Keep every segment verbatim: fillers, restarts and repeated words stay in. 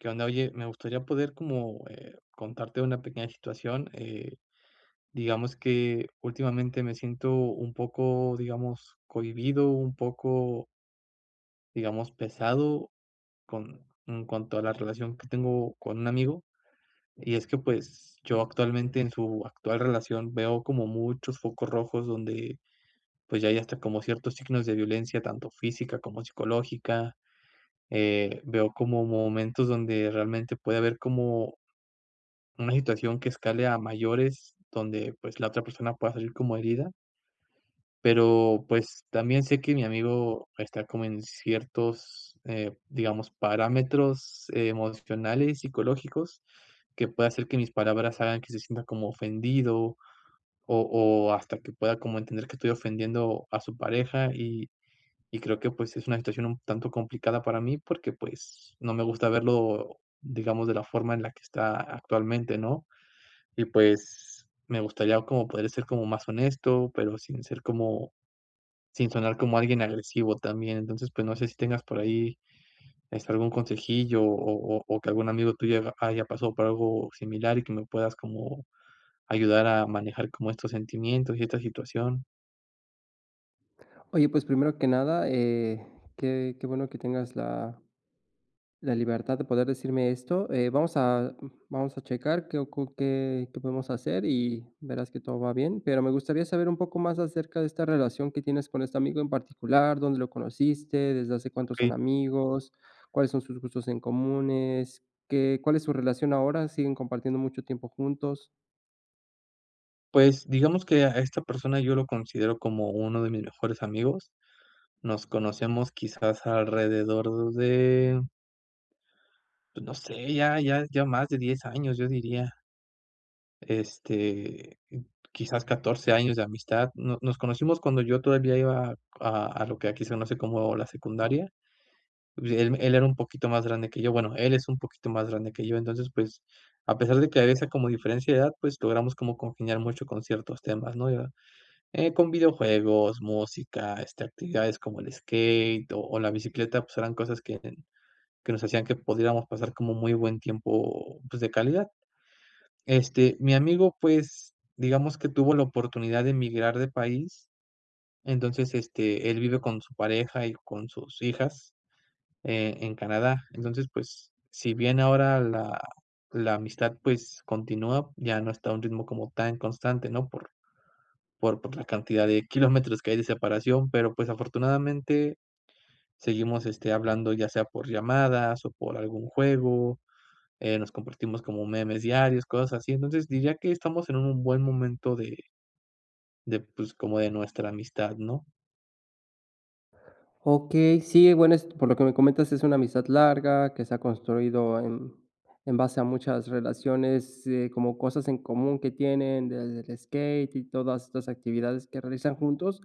¿Qué onda? Oye, me gustaría poder como, eh, contarte una pequeña situación, eh, digamos que últimamente me siento un poco, digamos cohibido, un poco digamos, pesado con en cuanto a la relación que tengo con un amigo, y es que, pues, yo actualmente en su actual relación veo como muchos focos rojos donde, pues, ya hay hasta como ciertos signos de violencia tanto física como psicológica, eh, veo como momentos donde realmente puede haber como una situación que escale a mayores, donde, pues, la otra persona pueda salir como herida pero, pues, también sé que mi amigo está como en ciertos, eh, digamos, parámetros emocionales, psicológicos, que pueda hacer que mis palabras hagan que se sienta como ofendido, o o hasta que pueda como entender que estoy ofendiendo a su pareja, y y creo que, pues, es una situación un tanto complicada para mí porque, pues, no me gusta verlo, digamos, de la forma en la que está actualmente, ¿no?, y pues, me gustaría como poder ser como más honesto, pero sin ser como sin sonar como alguien agresivo también, entonces, pues, no sé si tengas por ahí, este, algún consejillo, o o o que algún amigo tuyo ha haya pasado por algo similar, y que me puedas como ayudar a manejar como estos sentimientos y esta situación. Oye, pues primero que nada, eh, qué qué bueno que tengas la la libertad de poder decirme esto. Eh, vamos a vamos a checar qué ocu qué qué podemos hacer, y verás que todo va bien. Pero me gustaría saber un poco más acerca de esta relación que tienes con este amigo en particular, ¿dónde lo conociste, desde hace cuántos son Okey. amigos, cuáles son sus gustos en comunes, qué cuál es su relación ahora, siguen compartiendo mucho tiempo juntos? Pues, digamos que a esta persona yo lo considero como uno de mis mejores amigos, nos conocemos quizás alrededor de pues no sé, ya ya ya más de diez años, yo diría. Este, quizás catorce años de amistad. No nos conocimos cuando yo todavía iba a a lo que aquí se conoce como la secundaria. Y pues él él era un poquito más grande que yo, bueno, él es un poquito más grande que yo, entonces, pues, a pesar de que había esa como diferencia de edad, pues, logramos como congeniar mucho con ciertos temas, ¿no? Ya, eh, con videojuegos, música, este, actividades como el skate, o o la bicicleta, pues, eran cosas que que nos hacían que pudiéramos pasar como muy buen tiempo, pues, de calidad. Este, mi amigo, pues, digamos que tuvo la oportunidad de migrar de país, entonces, este, él vive con su pareja y con sus hijas, eh, en Canadá. Entonces, pues, si bien ahora la la amistad, pues, continúa, ya no está a un ritmo como tan constante, ¿no? Por por por la cantidad de kilómetros que hay de separación, pero, pues, afortunadamente, seguimos, este, hablando ya sea por llamadas, o por algún juego, eh, nos compartimos como memes diarios, cosas así. Entonces diría que estamos en un buen momento de de, pues, como de nuestra amistad, ¿no? Okey, sí, bueno, es por lo que me comentas, es una amistad larga, que se ha construido en en base a muchas relaciones, eh, como cosas en común que tienen, desde el skate y todas estas actividades que realizan juntos,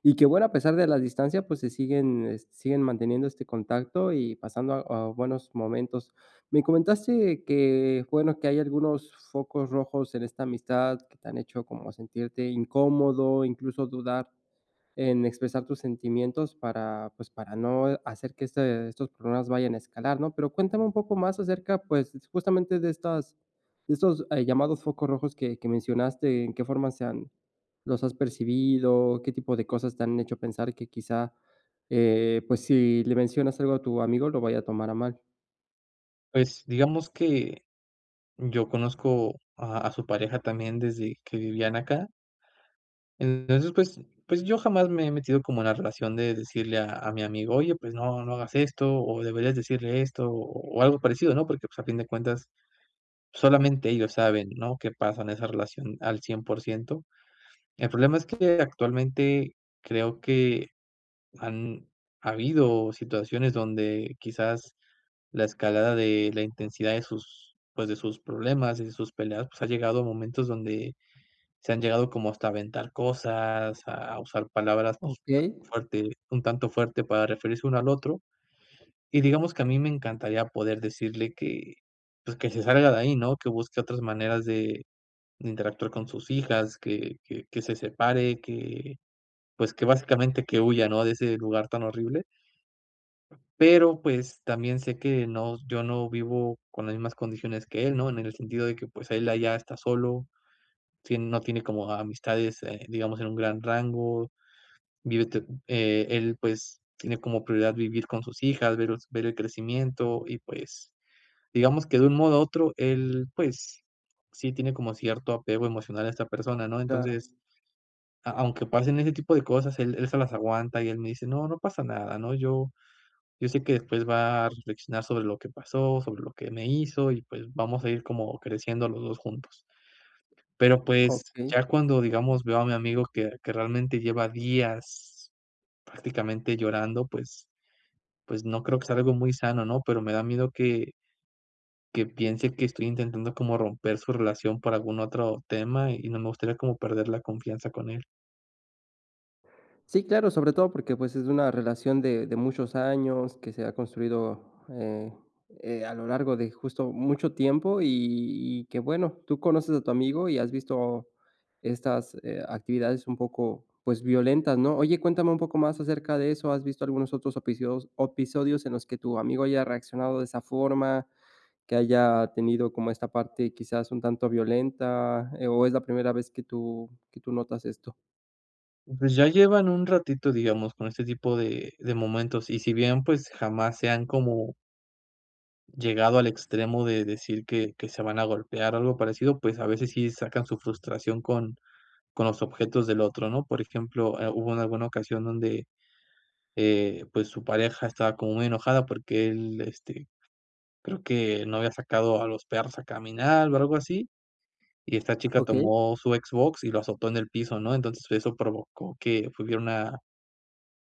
y que, bueno, a pesar de la distancia, pues, se siguen siguen manteniendo este contacto, y pasando, ah, buenos momentos. Me comentaste que, bueno, que hay algunos focos rojos en esta amistad, que te han hecho como sentirte incómodo, incluso dudar en expresar tus sentimientos para, pues, para no hacer que este, estos problemas vayan escalar, ¿no?, pero cuéntame un poco más acerca, pues, justamente de estas de estos, eh, llamados focos rojos que que mencionaste, ¿en qué forma se han los has percibido, qué tipo de cosas te han hecho pensar que quizá, eh, pues, si le mencionas algo a tu amigo lo vaya a tomar a mal? Pues digamos que, yo conozco a a su pareja también, desde que vivían acá entonces, pues pues yo jamás me he metido como en la relación de decirle a a mi amigo, oye, pues no, no hagas esto, o deberías decirle esto, o algo parecido, ¿no?, porque, pues, a fin de cuentas, solamente ellos saben, ¿no?, qué pasa en esa relación al cien por ciento. El problema es que actualmente, creo que han habido situaciones donde quizás la escalada de la intensidad de sus, pues, de sus problemas y de sus peleas, pues, ha llegado a momentos donde se han llegado como hasta aventar cosas, a usar palabras, pues, Okey. fuerte, un tanto fuerte para referirse uno al otro, y digamos que a mí me encantaría poder decirle que, pues, que se salga de ahí, ¿no?, que busque otras maneras de de interactuar con sus hijas, que que que se separe, que, pues, que básicamente que huya, ¿no?, de ese lugar tan horrible. Pero, pues, también sé que no yo no vivo con las mismas condiciones que él, ¿no?, en el sentido de que, pues, él allá está solo, sí no tiene como amistades, eh, digamos, en un gran rango, vive te eh, él, pues, tiene como prioridad vivir con sus hijas, ver ver el crecimiento y, pues, digamos que de un modo u otro él, pues, sí tiene como cierto apego emocional a esta persona, ¿no?, Claro. entonces, a aunque pasen ese tipo de cosas, él él se las aguanta, y él me dice no no pasa nada, ¿no?, yo yo sé que después va a reflexionar sobre lo que pasó, sobre lo que me hizo, y pues vamos a ir como creciendo los dos juntos. Pero, pues, Okey. ya cuando, digamos, veo a mi amigo que que realmente lleva días prácticamente llorando, pues pues, no creo que sea algo muy sano, ¿no?, pero me da miedo que que piense que estoy intentando como romper su relación por algún otro tema, y no me gustaría como perder la confianza con él. Sí, claro, sobre todo porque, pues, es una relación de de muchos años que se ha construido, eh, eh, a lo largo de justo mucho tiempo, y y que, bueno, tú conoces a tu amigo y has visto estas eh, actividades un poco, pues, violentas, ¿no? Oye, cuéntame un poco más acerca de eso, ¿has visto algunos otros episos opisodios en los que tu amigo haya reaccionado de esa forma, que haya tenido como esta parte quizás un tanto violenta, eh, o es la primera vez que tú que tú notas esto? Pues ya llevan un ratito, digamos, con este tipo de de momentos, y si bien, pues, jamás se han como llegado al extremo de decir que que se van a golpear, o algo parecido, pues, a veces, sí sacan su frustración con con los objetos del otro, ¿no? Por ejemplo, eh, hubo en alguna ocasión donde, eh, pues su pareja estaba como muy enojada porque él, este, creo que no había sacado a los perros a caminar o algo así, y esta chica Okey. tomó su Xbox y lo azotó en el piso, ¿no? Entonces eso provocó que hubiera una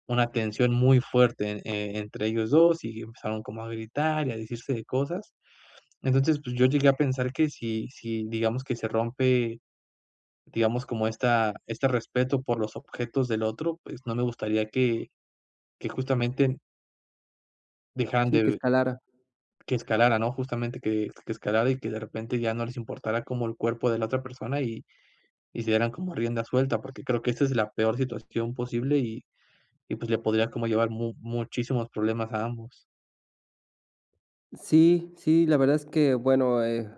una tensión muy fuerte, eh, entre ellos dos y empezaron como a gritar, y a decirse de cosas. Entonces, pues yo llegué a pensar que si si, digamos, que se rompe, digamos, como esta este respeto por los objetos del otro, pues no me gustaría que que justamente dejaran Sí, que de escalara. que escalara, ¿no? Justamente que que escalara, y que de repente ya no les importara como el cuerpo de la otra persona, y y se dieran como a rienda suelta, porque creo que esa es la peor situación posible, y y pues le podría como llevar mu muchísimos problemas a ambos. Sí, sí, la verdad es que, bueno, eh,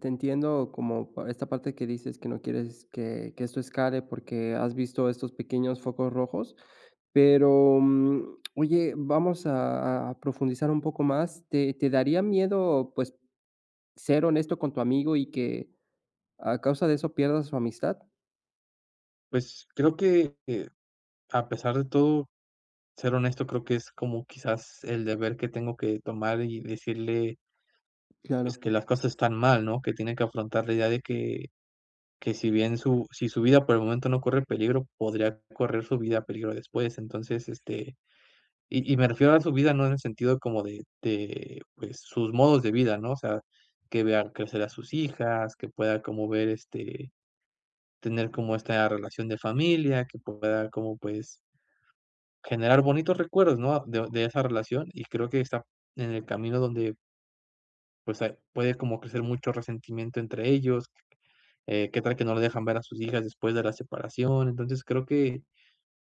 te entiendo como para esta parte que dices que no quieres que que esto escale porque has visto estos pequeños focos rojos, pero, mm, oye, vamos a a profundizar un poco más, ¿te te daría miedo, pues, ser honesto con tu amigo y que a causa de eso pierdas su amistad? Pues creo que eh, a pesar de todo, ser honesto creo que es como quizás el deber que tengo que tomar, y decirle pues Claro. que las cosas están mal, ¿no? Que tiene que afrontar la idea de que, que si bien su si su vida por el momento no corre peligro, podría correr su vida peligro después, entonces, este, y y me refiero a su vida no en el sentido como de de pues, sus modos de vida, ¿no? O sea, que vea crecer a sus hijas, que pueda como ver, este, tener como esta relación de familia, que pueda como pues generar bonitos recuerdos, ¿no? A de de esa relación, y creo que está en el camino donde pues, eh, puede como crecer mucho resentimiento entre ellos, eh, ¿qué tal que no lo dejan ver a sus hijas después de la separación? Entonces creo que,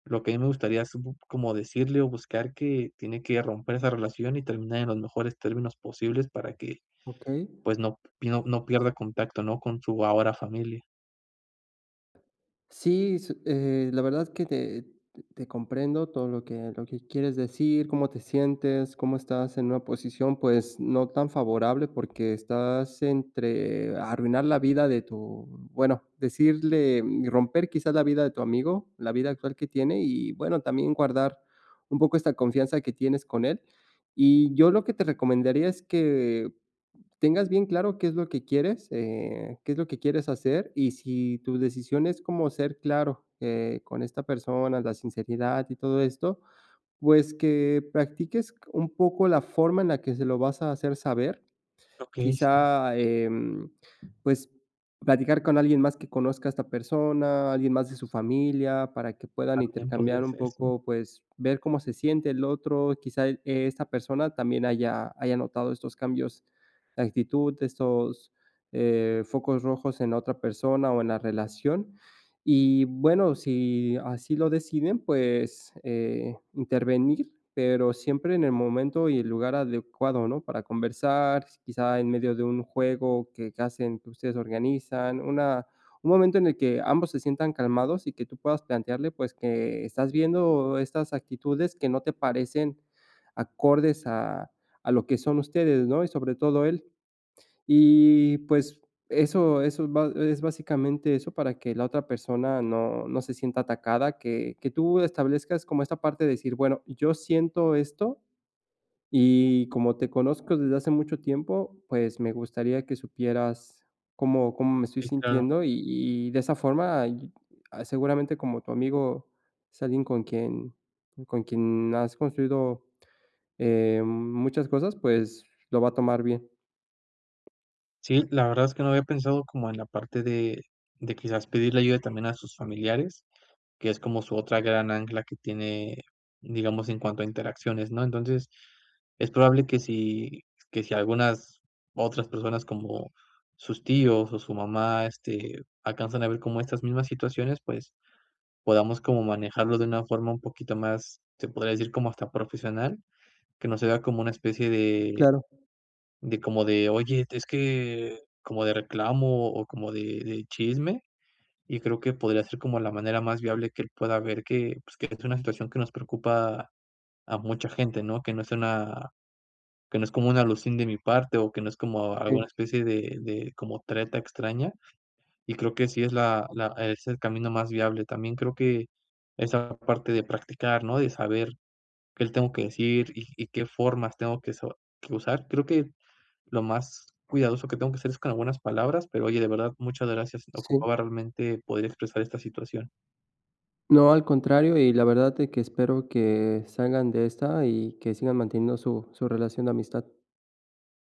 lo que a mí me gustaría así p como decirle o buscar que tiene que romper esa relación y terminar en los mejores términos posibles, para que, Okey. pues no p no pierda contacto, ¿no? Con su ahora familia. Sí, su eh, la verdad que te te comprendo todo lo que lo que quieres decir, cómo te sientes, cómo estás en una posición, pues, no tan favorable, porque estás entre arruinar la vida de tu bueno, decirle y romper quizás la vida de tu amigo, la vida actual que tiene y, bueno, también guardar un poco esta confianza que tienes con él. Y yo lo que te recomendaría es que tengas bien claro qué es lo que quieres, eh, qué es lo que quieres hacer y si tu decisión es cómo ser claro, eh, con esta persona, la sinceridad y todo esto, pues, que practiques c un poco la forma en la que se lo vas a hacer saber. Okey, sí. Quizá, em, pues platicar con alguien más que conozca a esta persona, alguien más de su familia, para que puedan También podría intercambiar un ser, sí. poco, pues, ver cómo se siente el otro, quizá e esta persona también haya haya notado estos cambios de actitud, estos, eh, focos rojos en la otra persona o en la relación. Y, bueno, si así lo deciden, pues, eh, intervenir, pero siempre en el momento y el lugar adecuado, ¿no? Para conversar, quizá en medio de un juego que que hacen que ustedes organizan, una un momento en el que ambos se sientan calmados, y que tú puedas plantearle, pues, que estás viendo estas actitudes que no te parecen acordes a a lo que son ustedes, ¿no? Y sobre todo él. Y, pues, eso eso ba es básicamente eso para que la otra persona no no se sienta atacada, que que tú establezcas como esta parte de decir: "Bueno, yo siento esto, y como te conozco desde hace mucho tiempo, pues, me gustaría que supieras cómo cómo me estoy Sí, claro. sintiendo". Y y de esa forma, y ah, seguramente como tu amigo es alguien con quien con quien has construido, eh, muchas cosas, pues lo va a tomar bien. Sí, la verdad es que, no había pensado como en la parte de de quizás pedirle ayuda también a sus familiares, que es como su otra gran ancla que tiene, digamos, en cuanto a interacciones, ¿no?, entonces, es probable que si que si algunas otras personas como sus tíos o su mamá, este, alcanzan a ver como estas mismas situaciones, pues, podamos como manejarlo de una forma un poquito más, se podría decir como hasta profesional, que no se vea como una especie de Claro. de como de: "Oye, es que", como de reclamo, o como de de chisme, y creo que podría ser como la manera más viable que él pueda ver que, pues, que es una situación que nos preocupa a mucha gente, ¿no?, que no es una que no es como una alusión de mi parte, o que no es como alguna Sí. especie de de como treta extraña, y creo que sí es la la es el camino más viable, también creo que, esa parte de practicar, ¿no?, de saber qué le tengo que decir, y y qué formas tengo que so usar, creo que, lo más cuidadoso que tengo que hacer es con algunas palabras, pero oye de verdad muchas gracias, Sí. ocupaba realmente poder expresar esta situación. No, al contrario, y la verdad de que espero que salgan de esta, y que sigan manteniendo su su relación de amistad.